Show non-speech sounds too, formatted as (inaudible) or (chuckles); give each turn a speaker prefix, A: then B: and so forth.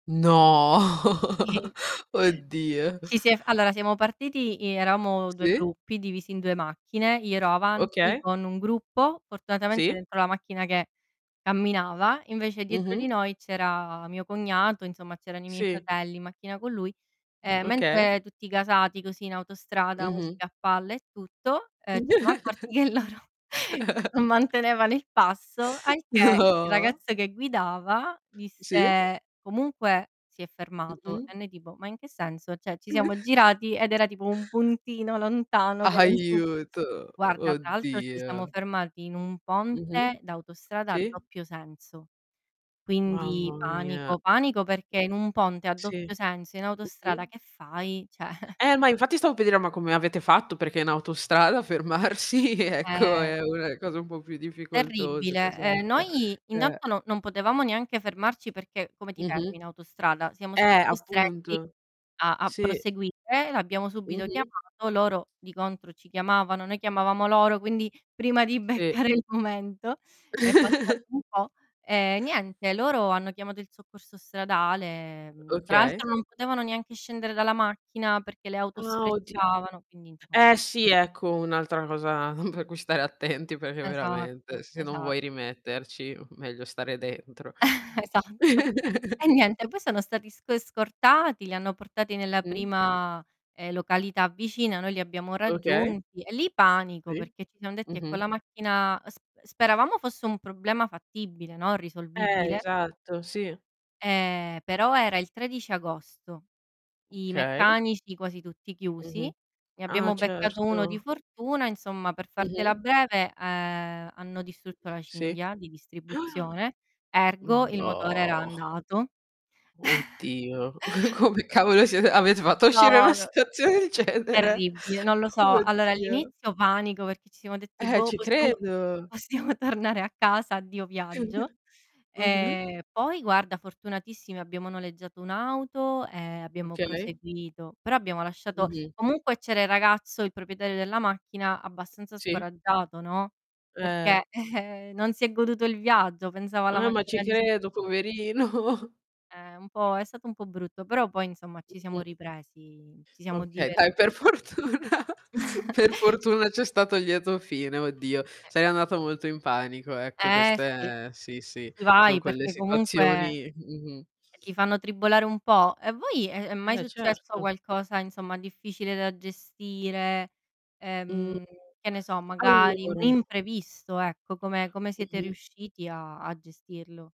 A: No.
B: I
A: (chuckles) Oddio.
B: Ci si è f allora siamo partiti, i eravamo 2
A: Sì.
B: gruppi, divisi in 2 macchine, io ero avanti
A: Oka
B: con un gruppo, fortunatamente
A: Sì.
B: dentro la macchina che camminava, invece dietro di
A: Mh-mh.
B: noi c'era mio cognato, insomma, c'erano i miei
A: Sì.
B: fratelli in macchina con lui, e
A: Okay.
B: mentre, tutti gasati così, in autostrada,
A: Mh-mh.
B: musica a palla e tutto, ehm, ci siamo accorti che loro non
A: (chuckles)
B: mantenevano il passo, al che
A: (chuckles) Oh,
B: il
A: oh.
B: ragazzo che guidava,
A: Sì.
B: disse: "Comunque si è fermato."
A: Mh-mh.
B: E noi tipo: "Ma in che senso?" Cioè, ci siamo
A: (chuckles)
B: girati, ed era tipo un puntino lontano che non si
A: Aiuto.
B: Guarda, tra l'altro ci siamo
A: Oddio.
B: fermati in un
A: Mh-mh.
B: ponte d'autostrada a
A: Sì.
B: doppio senso. Quindi
A: Mamma mia.
B: panico, panico, perché in un ponte a
A: Sì.
B: doppio senso in autostrada
A: Mh-mh.
B: che fai? Cioè (chuckles)
A: Eh, ma infatti stavo per dire: "Ma come avete fatto?", perché in autostrada fermarsi, ecco
B: Eh.
A: è una cosa un po' più difficoltosa, che
B: Terribile. E,
A: sappia.
B: noi
A: Eh.
B: intanto no non potevamo neanche fermarci, perché, come ti
A: Mh-mh.
B: fermi in autostrada? Siamo
A: Eh,
B: stati costretti
A: appunto.
B: a a
A: Sì.
B: proseguire e l'abbiamo subito
A: Mh-mh.
B: chiamato, loro di contro ci chiamavano, noi chiamavamo loro, quindi prima di
A: Sì.
B: beccare il momento è passato
A: (chuckles)
B: un po'. Ehm, niente, loro hanno chiamato il soccorso stradale, mhmm, tra
A: Okay.
B: l'altro non potevano neanche scendere dalla macchina, perché le auto
A: Ah, oddi
B: sfrecciavano, quindi, insomma
A: Eh, sì, ecco un'altra cosa (chuckles) per cui stare attenti, perché
B: Esatto,
A: veramente, se non
B: esa
A: vuoi rimetterci, m meglio stare dentro.
B: (chuckles) Esatto. E
A: (chuckles)
B: niente, poi sono stati sc scortati, li hanno portati nella
A: Mh.
B: prima, ehm, località vicina, noi li abbiamo
A: Okay.
B: raggiunti, e lì panico
A: Sì.
B: perché ci siam detti: "E con
A: Mh-mh.
B: la macchina" sp speravamo fosse un problema fattibile, no,
A: Eh,
B: risolvibile.
A: esatto, sì.
B: Ehm, però era il 13 agosto, i
A: Okay.
B: meccanici quasi tutti chiusi,
A: Mh-mh.
B: ne
A: Ah,
B: abbiamo beccato uno di
A: certo.
B: fortuna, insomma per fartela
A: Mh-mh.
B: breve, ehm, hanno distrutto la
A: Sì.
B: cinghia di
A: (gasps)
B: distribuzione, ergo,
A: Mh.
B: il motore era
A: No.
B: andato. (chuckles)
A: Oddio. (chuckles) Come cavolo siet avete fatto a uscire da
B: No,
A: una
B: no
A: situazione del genere.
B: Terribile, non lo so. Allora
A: Oddio.
B: all'inizio panico perché ci siamo detti:
A: Eh,
B: "Boh,
A: ci
B: possiamo
A: credo.
B: possiamo tornare a casa, addio viaggio."
A: (chuckles) Mh-mh.
B: Ehm, poi guarda, fortunatissimi abbiamo noleggiato un'auto, e
A: Mh.
B: abbiamo
A: Okay.
B: proseguito, però abbiamo lasciato
A: Mh-mh.
B: comunque c'era il ragazzo, il proprietario della macchina, abbastanza
A: Sì.
B: scoraggiato, no,
A: Eh.
B: perché, (chuckles) non si è goduto il viaggio, pensava alla
A: Eh, ma ci
B: macchina distru
A: credo poverino. (chuckles)
B: Eh, un po' è stato un po' brutto, però poi, insomma ci siamo
A: Mh-mh.
B: ripresi, ci siamo
A: Okay, dai per
B: diverti
A: fortuna per
B: (chuckles)
A: fortuna c'è stato il lieto fine, oddio.
B: E
A: Sei andata molto in panico, ecco
B: Eh, sì.
A: queste sì, sì, son
B: Vai,
A: quelle
B: perché comunque,
A: situazioni Mh-mh.
B: ti fanno tribolare un po'. A voi è è mai
A: Beh,
B: successo
A: certo.
B: qualcosa, insomma, difficile da gestire,
A: Mh.
B: ehm, che ne so magari un
A: Allora
B: imprevisto ecco, come come siete
A: Mh-mh.
B: riusciti a a gestirlo?